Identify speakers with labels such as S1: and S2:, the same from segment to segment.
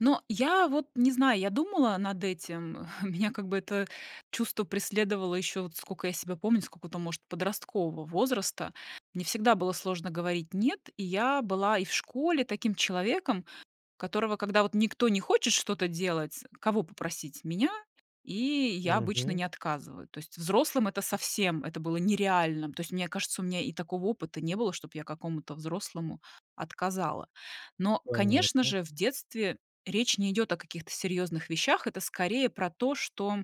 S1: Но я, вот, не знаю, я думала над этим, меня как бы это чувство преследовало ещё, вот сколько я себя помню, с какого-то может подросткового возраста. Мне всегда было сложно говорить "нет", и я была и в школе таким человеком, которого, когда вот никто не хочет что-то делать, кого попросить- меня, и я обычно
S2: Мгм.
S1: не отказываю. То есть взрослым- это совсем, это было нереальным. То есть, мне кажется, у меня и такого опыта не было, чтоб я какому-то взрослому отказала. Но, конечно
S2: Понятно.
S1: же, в детстве речь не идёт о каких-то серьёзных вещах, это скорее про то, что,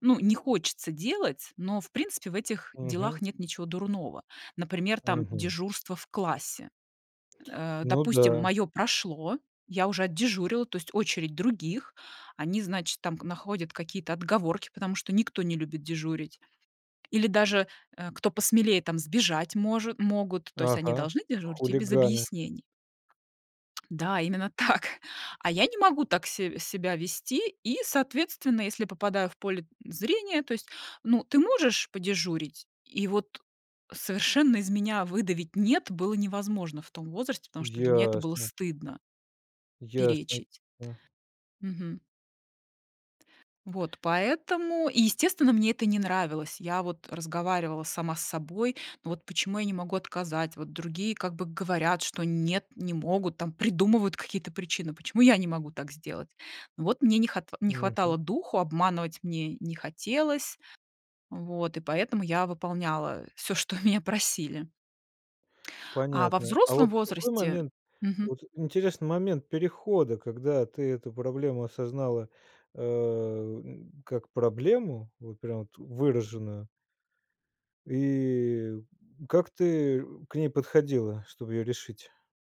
S1: ну, не хочется делать, но, в принципе, в этих
S2: Мгм.
S1: делах нет ничего дурного. Например, там,
S2: Мгм.
S1: дежурство в классе. Э,
S2: Ну
S1: допустим,
S2: да.
S1: моё прошло, я уже отдежурила, то есть очередь других, они, значит, там, находят какие-то отговорки, потому что никто не любит дежурить. Или даже, э, кто посмелее там, сбежать может могут, то есть они
S2: Ага,
S1: должны дежурить, и без
S2: хулиганы.
S1: объяснений. Да, именно так! А я не могу так се себя вести, и, соответственно, если попадаю в поле зрения, то есть, ну, ты можешь подежурить? И, вот, совершенно из меня выдавить "нет" было невозможно в том возрасте, потому что для меня это было
S2: Ясно.
S1: стыдно
S2: Ясно.
S1: перечить.
S2: [unintelligible] Да.
S1: Мгм. Вот. Поэтому и, естественно, мне это не нравилось. Я, вот, разговаривала сама с собой: "Ну, вот почему я не могу отказать, вот другие как бы говорят, что нет, не могут, там, придумывают какие-то причины, почему я не могу так сделать?" Ну, вот мне не хат не
S2: Мгм.
S1: хватало духу, обманывать мне не хотелось. Вот, и поэтому я выполняла всё, что меня просили. А во
S2: Понятно. А
S1: взрослом
S2: вот в какой
S1: возрасте
S2: момент?
S1: мгм.
S2: Вот, интересный момент перехода, когда ты эту проблему осознала, э, м, как проблему, вот прям, вот, выраженную и как ты к ней подходила, чтобы её решить?